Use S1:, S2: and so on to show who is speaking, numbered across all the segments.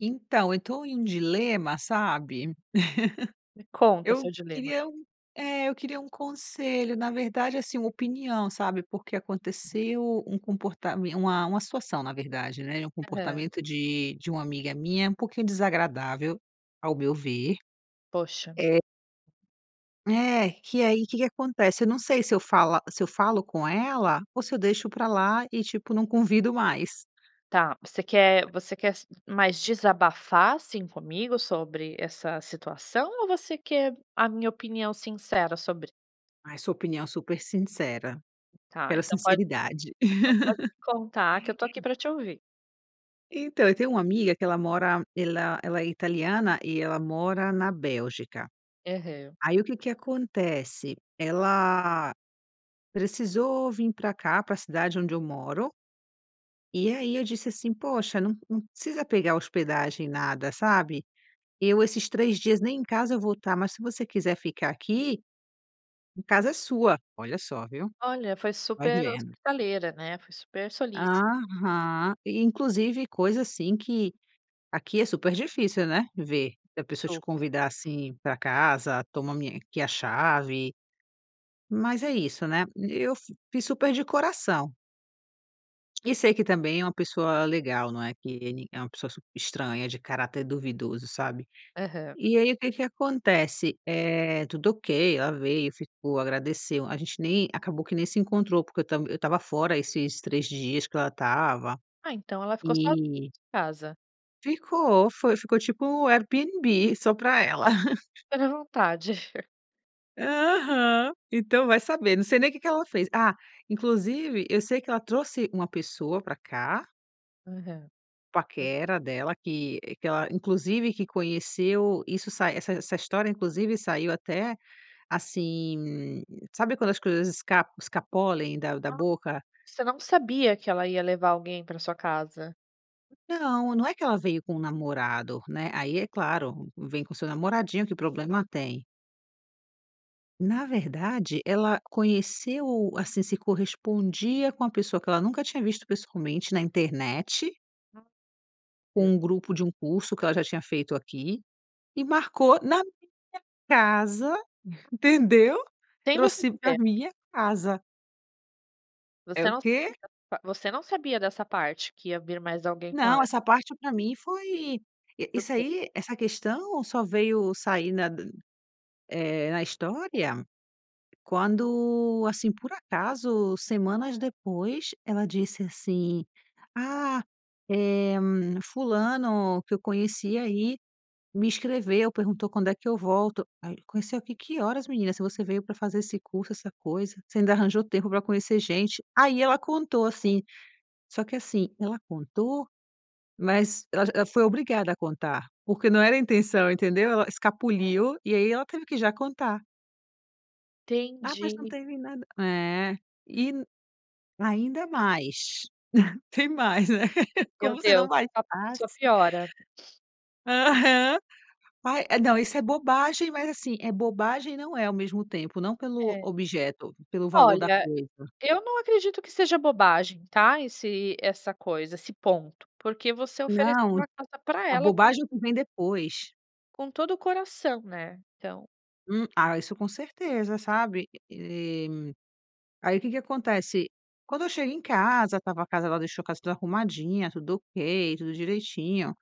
S1: Então, eu tô em um dilema, sabe,
S2: Me conta
S1: eu
S2: seu dilema.
S1: queria um é eu queria um conselho, na verdade, assim, uma opinião, sabe, porque aconteceu um comportamen uma uma situação na verdade, né, é um
S2: Aham.
S1: comportamento de de uma amiga minha, um pouquinho desagradável ao meu ver,
S2: Poxa.
S1: eh É, que aí, que que acontece, eu não sei se eu fala se eu falo com ela ou se eu deixo pra lá e tipo, não convido mais.
S2: Tá, você quer você quer se mais desabafar, assim, comigo sobre essa situação, ou você quer a minha opinião sincera sobre?
S1: Ai sua opinião super sincera,
S2: Tá
S1: quero
S2: então pode
S1: sinceridade.
S2: então pode contar que eu tô aqui pra te ouvir.
S1: Então, eu tenho uma amiga que ela mora, ela ela é italiana, e ela mora na Bélgica,
S2: Aham.
S1: aí o que que acontece, ela precisou vim pra cá pra a cidade onde eu moro e aí eu disse, assim: "Poxa num num precisa pegar a hospedagem nada, sabe, eu esses 3 dias nem em casa eu vou tá, mas se você quiser ficar aqui, a casa é sua". Olha só viu,
S2: Olha, foi
S1: vai
S2: super
S1: vendo.
S2: hospitaleira, né, foi super solícita.
S1: Aham e inclusive, coisa, assim, que aqui é super difícil, né, ver e a pessoa te
S2: Super.
S1: convidar assim pra casa, toma minha aqui a chave, mas é isso, né. Eu f fiz super de coração. E sei que também é uma pessoa legal, não é que ele é uma pessoa super estranha, de caráter duvidoso, sabe?
S2: Aham.
S1: E aí o que que acontece, eh, tudo ok, ela veio, ficou, agradeceu. A gente nem acabou que nem se encontrou, porque eu tam eu estava fora esses 3 dias que ela estava
S2: Ah, então ela ficou só su
S1: e
S2: casa.
S1: Ficou, foi, ficou tipo Airbnb só para ela.
S2: Bem à vontade.
S1: Aham, então vai saber, não sei nem o que que ela fez. Ah, inclusive eu sei que ela trouxe uma pessoa para cá
S2: Aham. [unintelligible]
S1: paquera dela, que, eh, que ela inclusive que conheceu isso sai essa essa história, inclusive saiu até, assim, sabe quando as coisas esc escapolem da da
S2: Ah,
S1: boca.
S2: você não sabia que ela ia levar alguém para a sua casa?
S1: Não, não é que ela veio com o namorado, né. Aí, é claro, vem com o seu namoradinho que problema tem. Na verdade, ela conheceu, assim, se correspondia com a pessoa que ela nunca tinha visto pessoalmente na internet. Com
S2: É.
S1: um grupo de um curso que ela já tinha feito aqui, e marcou na minha casa, entendeu,
S2: Sem vocês
S1: trouxe
S2: se
S1: pra
S2: ver.
S1: minha casa. É
S2: Você
S1: o
S2: não
S1: quê?
S2: [unintelligible] você não sabia dessa parte, que ia vir mais alguém com
S1: Não,
S2: ela.
S1: essa parte pra mim foi isso
S2: Surpre
S1: aí, essa questão só veio sair na d eh, na história, quando, assim, por acaso, semanas depois, ela disse assim: "Ah, eh, fulano que eu conheci aí me escreveu, perguntou quando é que eu volto." Aí conheceu aqui que horas menina, se você veio para fazer esse curso, essa coisa, você ainda arranjou tempo para conhecer gente, aí ela contou assim, só que assim, ela contou, mas, ela j ela foi obrigada a contar, porque não era a intenção, entendeu, ela escapuliu e aí ela teve que já contar. "Ah, mas não
S2: Entendi.
S1: teve nada", é, e ainda mais, tem mais, né, como
S2: Meu
S1: você não
S2: Deus, só só
S1: bastasse...
S2: piora.
S1: Aham. Aí, não, isso é bobagem, mas, assim, é bobagem, e, não é, ao mesmo tempo, não pelo
S2: É.
S1: objeto, pelo valor da
S2: Olha,
S1: coisa.
S2: eu não acredito que seja bobagem, tá esse essa coisa, esse ponto, porque você ofereceu
S1: Não,
S2: a casa pra
S1: a
S2: ela com
S1: bobagem é o que vem depois.
S2: Com todo o coração, né. Então
S1: Hum, ah, isso com certeza, sabe, eh. Aí o que que acontece? Quando eu chego em casa, estava a casa ela deixou a casa tudo arrumadinha, tudo ok, tudo direitinho.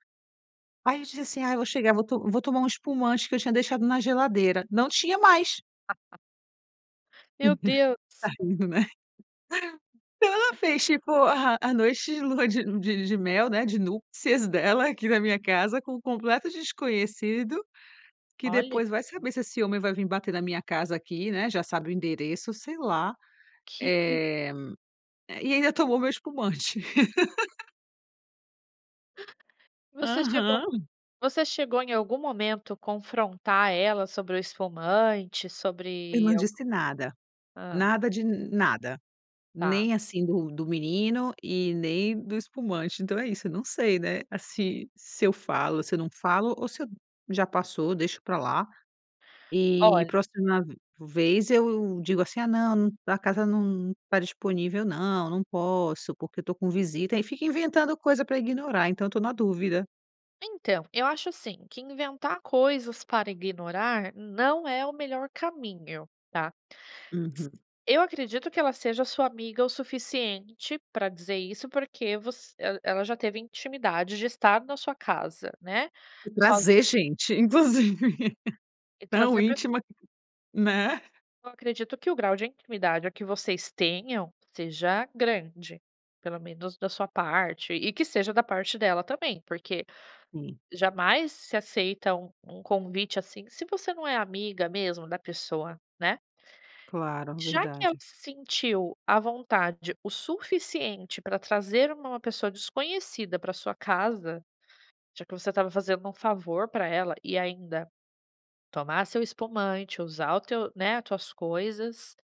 S1: Aí eu disse assim: "Ai, eu vou chegar, vou vou tomar um espumante que eu tinha deixado na geladeira". Não tinha mais.
S2: Meu Deus.
S1: Tá rindo, né? Então ela fez tipo a a noite de lua de de de mel, né, de núpcias dela aqui na minha casa, com um completo desconhecido, que
S2: Olha.
S1: depois vai saber se esse homem vai vim bater na minha casa aqui, né. Já sabe o endereço, sei lá,
S2: Que. [unintelligible]
S1: eh eh, e ainda tomou o meu espumante.
S2: Você chegou
S1: Aham.
S2: você chegou em algum momento confrontar ela sobre o espumante,
S1: Eu
S2: sobre
S1: não
S2: al
S1: disse nada,
S2: Hã.
S1: nada de nada,
S2: Tá.
S1: nem, assim, do do menino e nem do espumante. Então é isso: eu não sei, né, se se eu falo, se eu não falo, ou se eu já passou, deixo pra lá, e
S2: Olh
S1: próxima v vez eu digo, assim: "Ah, não, a casa n não tá disponível, não. Não posso porque eu estou com visita". Aí fica inventando coisa para ignorar. Então eu estou na dúvida.
S2: Então, eu acho assim que inventar coisas para ignorar não é o melhor caminho, tá. S
S1: Uhum.
S2: eu acredito que ela seja a sua amiga o suficiente pra dizer isso, porque voc el ela já teve intimidade de estar na sua casa, né,
S1: E
S2: sozi
S1: trazer gente, inclusive.
S2: E
S1: Tão
S2: trazer pra
S1: íntima, né?
S2: Eu acredito que o grau de intimidade que vocês tenham seja grande, pelo menos da sua parte, e que seja da parte dela também, porque
S1: Sim.
S2: jamais se aceita um um convite, assim, se você não é amiga mesmo da pessoa, né.
S1: Claro,
S2: Já que ela
S1: verdade.
S2: se sentiu à vontade o suficiente para trazer uma uma pessoa desconhecida para a sua casa, já que você estava fazendo um favor pra ela, e ainda tomar seu espumante, usar o teu, né, tuas coisas,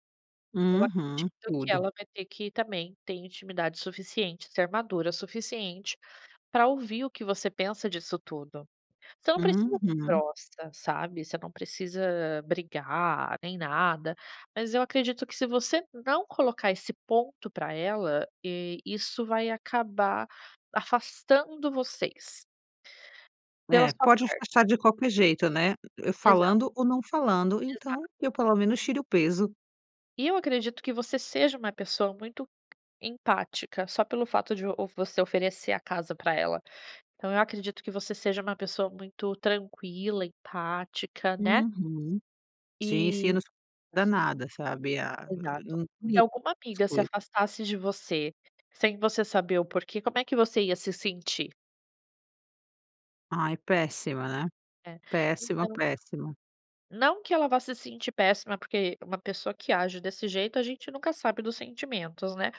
S2: eu
S1: Uhum,
S2: acredito que
S1: tudo.
S2: ela vai ter que também ter intimidade suficiente, e ser madura o suficiente pra ouvir o que você pensa disso tudo. Você não precisa ser
S1: Uhum.
S2: grossa, sabe, você não precisa brigar nem nada, mas eu acredito que se você não colocar esse ponto pra ela, e isso vai acabar afastando vocês. Pela
S1: É,
S2: sua
S1: pode afastar
S2: parte.
S1: de qualquer jeito, né,
S2: Exato.
S1: falando ou não falando,
S2: Exato.
S1: então eu pelo menos tiro o peso.
S2: E eu acredito que você seja uma pessoa muito empática, só pelo fato de o você oferecer a casa pra ela, então eu acredito que você seja uma pessoa muito tranquila, empática, né?
S1: Uhum. Sim, sim, eu
S2: E
S1: num su danada sabe, ah, agora
S2: Exato.
S1: num
S2: Se
S1: me
S2: alguma amiga se
S1: foi
S2: afastasse de você, sem você saber o porquê, como é que você ia se sentir?
S1: Ai péssima, né?
S2: É.
S1: Péssima,
S2: Então
S1: péssima.
S2: não que ela vá se sentir péssima, porque uma pessoa que age desse jeito, a gente nunca sabe dos sentimentos, né?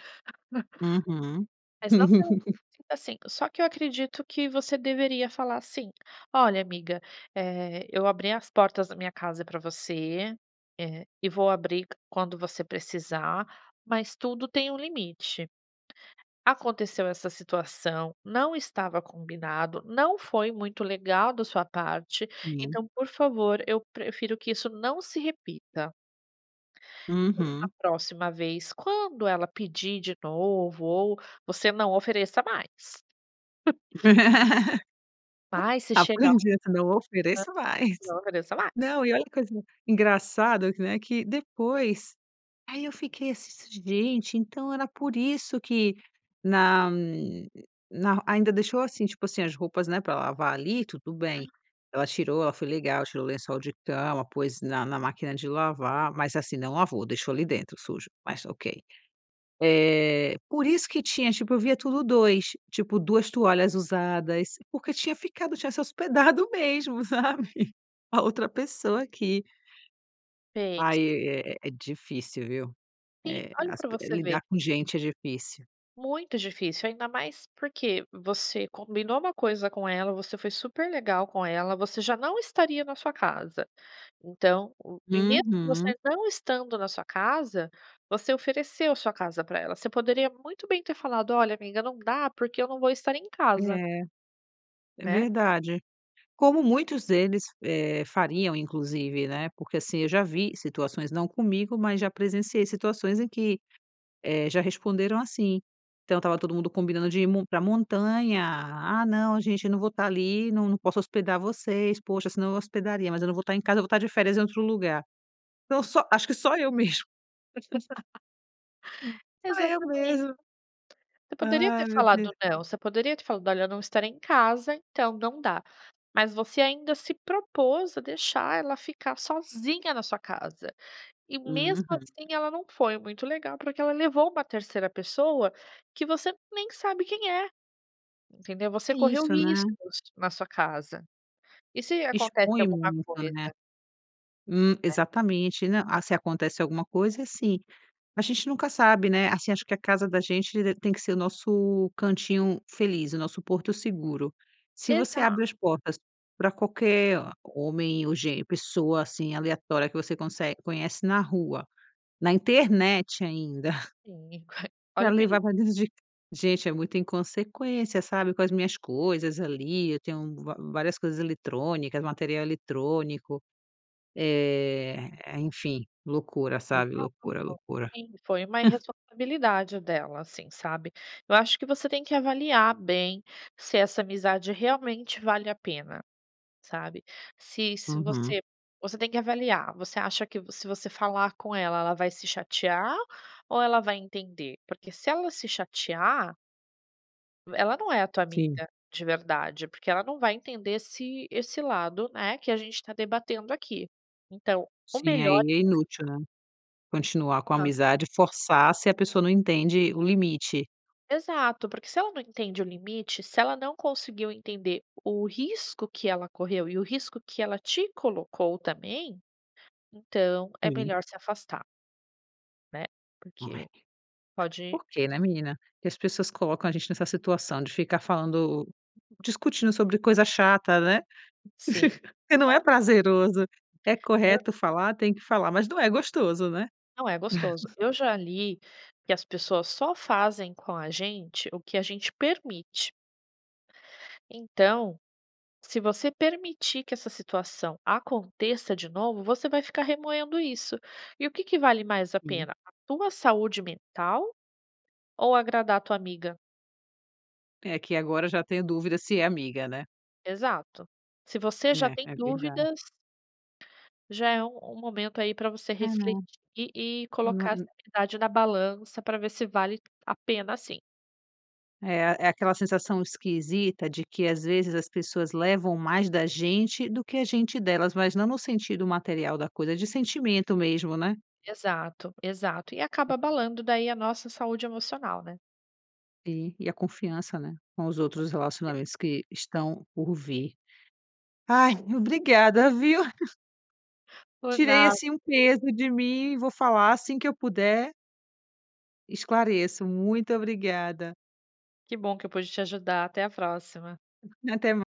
S1: Uhum.
S2: Mas não que eu sinta assim. Só que eu acredito que você deveria falar assim: "Olha, amiga, eh, eu abri as portas da minha casa pra você, eh, e vou abrir quando você precisar, mas tudo tem um limite, aconteceu essa situação, não estava combinado, não foi muito legal da sua parte,
S1: Sim.
S2: então, por favor, eu prefiro que isso não se repita". A
S1: Uhum.
S2: próxima vez, quando ela pedir de novo ou você não ofereça mais. Ai, se chegar. A
S1: Aprendi, essa não ofereço mais!
S2: que horas sei lá
S1: Não e olha que coisa engraçado que, né, que depois aí eu fiquei assim: "Gente, então era por isso que na na". Ainda deixou assim, tipo assim, as roupas, né, pra lavar ali, tudo bem,
S2: Ah.
S1: ela tirou, ela foi legal, tirou o lençol de cama, pôs na na máquina de lavar, mas assim, não lavou, deixou ali dentro, sujo, mas Ok. Eh, por isso que tinha, tipo eu via tudo 2, tipo, 2 toalhas usadas porque tinha ficado tinha se hospedado mesmo, sabe, a outra pessoa aqui.
S2: Fez.
S1: Aí é é difícil, viu?
S2: Sim,
S1: Eh,
S2: olha
S1: as
S2: pra
S1: pe
S2: você ver.
S1: lidar com gente é difícil.
S2: Muito difícil, ainda mais porque você combinou uma coisa com ela. Você foi super legal com ela, você já não estaria na sua casa, então e mesmo você
S1: Uhum.
S2: não estando na sua casa, você ofereceu a sua casa pra ela. Você poderia muito bem ter falado: "Olha, amiga, não dá porque eu não vou estar em casa.".
S1: É. É
S2: Né?
S1: verdade, como muitos deles, eh, fariam, inclusive, né, porque assim eu já vi situações não comigo, mas já presenciei situações em que, eh, já responderam assim. Então estava todo mundo combinando de ir m pra montanha. "Ah, não, gente, eu não vou estar ali, não não posso hospedar vocês. Poxa, senão eu hospedaria, mas eu não vou estar em casa. Eu vou estar de férias em outro lugar". Então só acho que só eu mesmo. Hum, só eu
S2: Exatamente.
S1: mesmo.
S2: Você poderia ter
S1: Ai, meu Deus.
S2: falado não, você poderia ter falado: "Olha, eu não estarei em casa, então não dá." mas você ainda se propôs a deixar ela ficar sozinha na sua casa, e mesmo
S1: Uhum.
S2: assim, ela não foi muito legal, porque ela levou uma terceira pessoa que você nem sabe quem é. Entendeu, você
S1: É
S2: correu
S1: isso, né?
S2: riscos na sua casa, e se acontece
S1: Expõe
S2: alguma
S1: muito, né,
S2: coisa.
S1: hum,
S2: É.
S1: exatamente né. Ah, se acontece alguma coisa é assim, a gente nunca sabe, né, assim, acho que a casa da gente d tem que ser o nosso cantinho feliz, o nosso porto seguro. Se você
S2: Exa
S1: abre as portas para qualquer homem ou gênero, pessoa, assim, aleatória que você consegue conhece na rua, na internet ainda.
S2: Sim, olha
S1: Pra
S2: o perigo.
S1: levar pra dentro c de gente é muito inconsequência, sabe com as minhas coisas ali. Eu tenho vá várias coisas eletrônicas, material eletrônico, eh, enfim, loucura, sabe loucura,
S2: Exato,
S1: loucura.
S2: sim, foi uma irresponsabilidade dela, assim, sabe. Eu acho que você tem que avaliar bem se essa amizade realmente vale a pena, sabe, se se
S1: Uhum.
S2: você você tem que avaliar. Você acha que se você falar com ela, ela vai se chatear ou ela vai entender, porque se ela se chatear Ela não é tua
S1: Sim.
S2: amiga de verdade, porque ela não vai entender esse esse lado, né, que a gente tá debatendo aqui. Então, o
S1: Sim, aí
S2: melhor
S1: é inútil,
S2: [unintelligible]
S1: né? Continuar com a
S2: Tá.
S1: amizade, forçar, se a pessoa não entende o limite.
S2: Exato, porque se ela não entende o limite, se ela não conseguiu entender o risco que ela correu, e o risco que ela te colocou também, então é
S1: Sim.
S2: melhor se afastar. Né?
S1: Não é?
S2: Porque pode
S1: Por que, né, menina, que as pessoas colocam a gente nessa situação de ficar falando, discutindo sobre coisa chata, né?
S2: Sim.
S1: Porque não é
S2: Olha
S1: prazeroso. É
S2: Eu
S1: correto falar, tem que falar, mas não é gostoso, né?
S2: Não é gostoso. Eu já li que as pessoas só fazem com a gente o que a gente permite. Então, se você permitir que essa situação aconteça de novo, você vai ficar remoendo isso. E o que que vale mais a
S1: Sim.
S2: pena, a tua saúde mental ou agradar tua amiga?
S1: É que agora eu já tenho dúvida se é amiga, né?
S2: Exato, se você
S1: Hum.
S2: já
S1: É,
S2: tem
S1: é verda
S2: dúvidas já é um um momento aí pra você
S1: É,
S2: refletir
S1: né?
S2: e
S1: Não é,
S2: colocar essa
S1: n
S2: amizade na balança pra ver se vale a pena assim.
S1: É, é aquela sensação esquisita de que às vezes as pessoas levam mais da gente do que a gente delas. Mas não no sentido material da coisa, de sentimento mesmo, né?
S2: Exato, exato e acaba abalando daí a nossa saúde emocional, né?
S1: E e a confiança, né, com os outros relacionamentos que estão por vir. Ai, obrigada, viu?
S2: Por
S1: Tirei,
S2: nad
S1: assim, um peso de mim e vou falar assim que eu puder esclareço. Muito obrigada.
S2: Que bom que eu pude te ajudar. Até a próxima.
S1: Até mai